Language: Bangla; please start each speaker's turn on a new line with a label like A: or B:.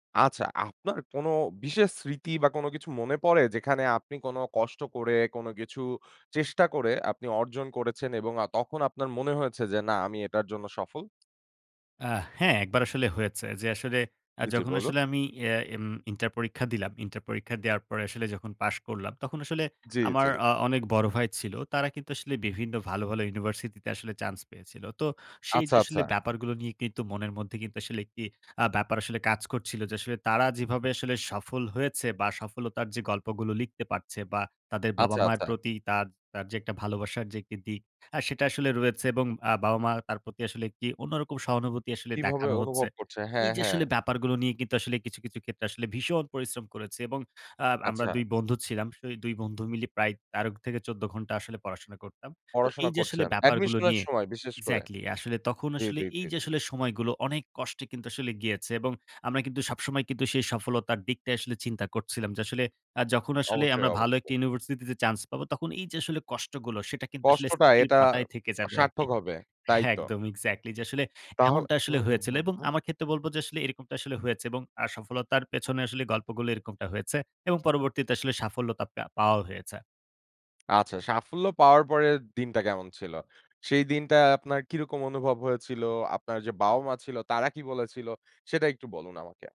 A: আচ্ছা আপনার কোনো বিশেষ স্মৃতি বা কোন কিছু মনে পড়ে যেখানে আপনি কোন কষ্ট করে কোন কিছু চেষ্টা করে আপনি অর্জন করেছেন? এবং আ তখন আপনার মনে হয়েছে যে না আমি এটার জন্য সফল?
B: আ হ্যাঁ, ১ বার আসলে হয়েছে। যে আসলে আ
A: জি, জি
B: যখন
A: বল।
B: আসলে আমি ইয়ে এম ইন্টার পরীক্ষা দিলাম। ইন্টার পরীক্ষা দেওয়ার পর আসলে যখন পাশ করলাম, তখন আসলে
A: জি, জি।
B: আমার আ অনেক বড় ভাই ছিল। তারা কিন্তু আসলে বিভিন্ন ভালো, ভালো ইউনিভার্সিটি তে আসলে চান্স পেয়েছিল। তো সেই
A: আচ্ছা,
B: যে আসলে
A: আচ্ছা।
B: ব্যাপারগুলো নিয়ে কিন্তু মনের মধ্যে কিন্তু আসলে ১ টি আ ব্যাপার আসলে কাজ করছিল। যে আসলে তারা যেভাবে আসলে সফল হয়েছে বা সফলতার যে গল্পগুলো লিখতে পারছে বা তাদের
A: আচ্ছা,
B: বাবা-মায়ের
A: আচ্ছা।
B: প্রতি তার, তার যে ১ টা ভালোবাসার যে ১ টি দিক আ সেটা আসলে রয়েছে এবং আ বাবা-মা তার প্রতি আসলে ১ টি অন্যরকম সহানুভূতি আসলে
A: কিভাবে
B: দেখানো হচ্ছে।
A: অনুভব করছে হ্যাঁ,
B: এই যে
A: হ্যাঁ।
B: আসলে ব্যাপারগুলো নিয়ে কিন্তু আসলে কিছু, কিছু ক্ষেত্রে আসলে ভীষণ পরিশ্রম করেছে। এবং আ আমরা
A: আচ্ছা।
B: ২ বন্ধু ছিলাম। সেই ২ বন্ধু মিলে প্রায় ১৩ থেকে ১৪ ঘন্টা আসলে পড়াশোনা করতাম। তো
A: পড়াশোনা
B: এই যে আসলে
A: করছেন
B: ব্যাপারগুলো
A: Admission এর
B: নিয়ে
A: সময় বিশেষ করে।
B: Exactly আসলে তখন
A: জি,
B: আসলে
A: জি,
B: এই
A: জি,
B: যে
A: জি।
B: আসলে সময়গুলো অনেক কষ্টে কিন্তু আসলে গিয়েছে। এবং আমরা কিন্তু সবসময় কিন্তু সেই সফলতার দিকটাই আসলে চিন্তা করছিলাম। যে আসলে আ যখন আসলে
A: অবশ্যই,
B: আমরা ভালো ১ টি
A: অবশ্যই।
B: ইউনিভার্সিটিতে চান্স পাবো, তখন এই যে আসলে কষ্টগুলো সেটা কিন্তু আসলে
A: কষ্টটা
B: স্মৃতির
A: এটা
B: পাতায় থেকে যাবে আরকি।
A: সার্থক হবে তাই
B: হ্যাঁ,
A: তো।
B: একদম Exactly যে আসলে
A: তাহলে,
B: এমনটা
A: হু,
B: আসলে
A: হু,
B: হয়েছিল।
A: হু,
B: এবং
A: হু।
B: আমার ক্ষেত্রে বলব যে আসলে এরকমটা আসলে হয়েছে এবং আ সফলতার পেছনে আসলে গল্পগুলো এরকমটা হয়েছে। এবং পরবর্তীতে আসলে সাফল্যতা পেয়া পাওয়াও হয়েছে।
A: আচ্ছা, সাফল্য পাওয়ার পরের দিনটা কেমন ছিল? সেই দিনটা আপনার কিরকম অনুভব হয়েছিল? আপনার যে বাবা-মা ছিল, তারা কি বলেছিল সেটা একটু বলুন আমাকে।